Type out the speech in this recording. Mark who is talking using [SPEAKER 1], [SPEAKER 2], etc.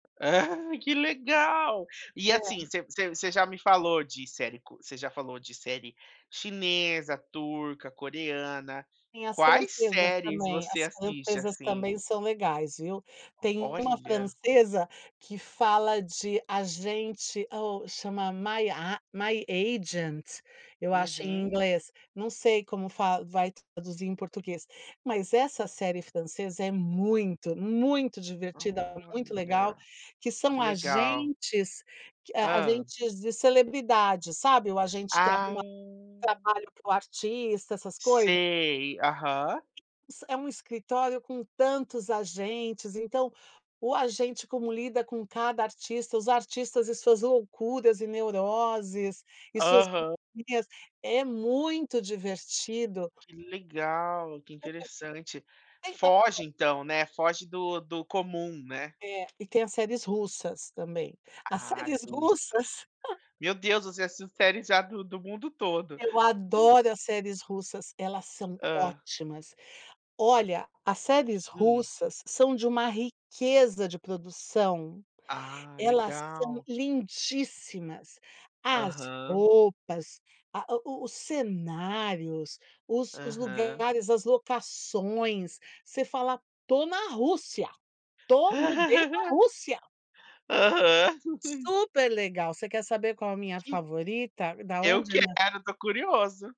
[SPEAKER 1] Que legal. E
[SPEAKER 2] É.
[SPEAKER 1] assim, você você você já me falou de série você já falou de série chinesa, turca, coreana.
[SPEAKER 2] Sim, as
[SPEAKER 1] Quais
[SPEAKER 2] francesas
[SPEAKER 1] séries
[SPEAKER 2] também, as
[SPEAKER 1] você assiste
[SPEAKER 2] francesas também
[SPEAKER 1] assim?
[SPEAKER 2] são legais, viu? Tem uma
[SPEAKER 1] Olha.
[SPEAKER 2] francesa que fala de agente, chama My A My Agent, eu acho, em
[SPEAKER 1] Uhum.
[SPEAKER 2] inglês, não sei como fa vai traduzir em português, mas essa série francesa é muito, muito divertida, muito legal,
[SPEAKER 1] Olha,
[SPEAKER 2] que
[SPEAKER 1] que
[SPEAKER 2] são
[SPEAKER 1] legal.
[SPEAKER 2] agentes q hã,
[SPEAKER 1] Hã.
[SPEAKER 2] agentes de celebridades, sabe? O agente que
[SPEAKER 1] Ah.
[SPEAKER 2] arruma trabalho para o artista, essas coisa.
[SPEAKER 1] Sei, aham.
[SPEAKER 2] É um escritório com tantos agentes, então o agente como lida com cada artista, os artistas e suas loucuras e neuroses, e suas
[SPEAKER 1] Aham.
[SPEAKER 2] manias, é muito divertido.
[SPEAKER 1] Que legal, que interessante. Foge
[SPEAKER 2] [unintelligible]
[SPEAKER 1] então né, foge do do comum, né?
[SPEAKER 2] É e tem as séries russas também. As
[SPEAKER 1] Ai,
[SPEAKER 2] séries
[SPEAKER 1] russas,
[SPEAKER 2] russas
[SPEAKER 1] meu Deus, você assistiu séries já do do mundo todo.
[SPEAKER 2] Eu adoro as séries russas, elas são
[SPEAKER 1] Hã.
[SPEAKER 2] ótimas. Olha, as séries
[SPEAKER 1] Hum.
[SPEAKER 2] russas são de uma riqueza de produção,
[SPEAKER 1] Ah
[SPEAKER 2] elas são
[SPEAKER 1] legal.
[SPEAKER 2] lindíssimas, as
[SPEAKER 1] Aham.
[SPEAKER 2] roupas, a a o os cenários, os os
[SPEAKER 1] Aham.
[SPEAKER 2] lugares, as locações, você fala estou na Rússia, tô mudei pra Rússia.
[SPEAKER 1] Aham.
[SPEAKER 2] Super legal, você quer saber qual a minha
[SPEAKER 1] Que
[SPEAKER 2] favorita? Da
[SPEAKER 1] Eu
[SPEAKER 2] onde
[SPEAKER 1] quero,
[SPEAKER 2] na
[SPEAKER 1] estou curioso.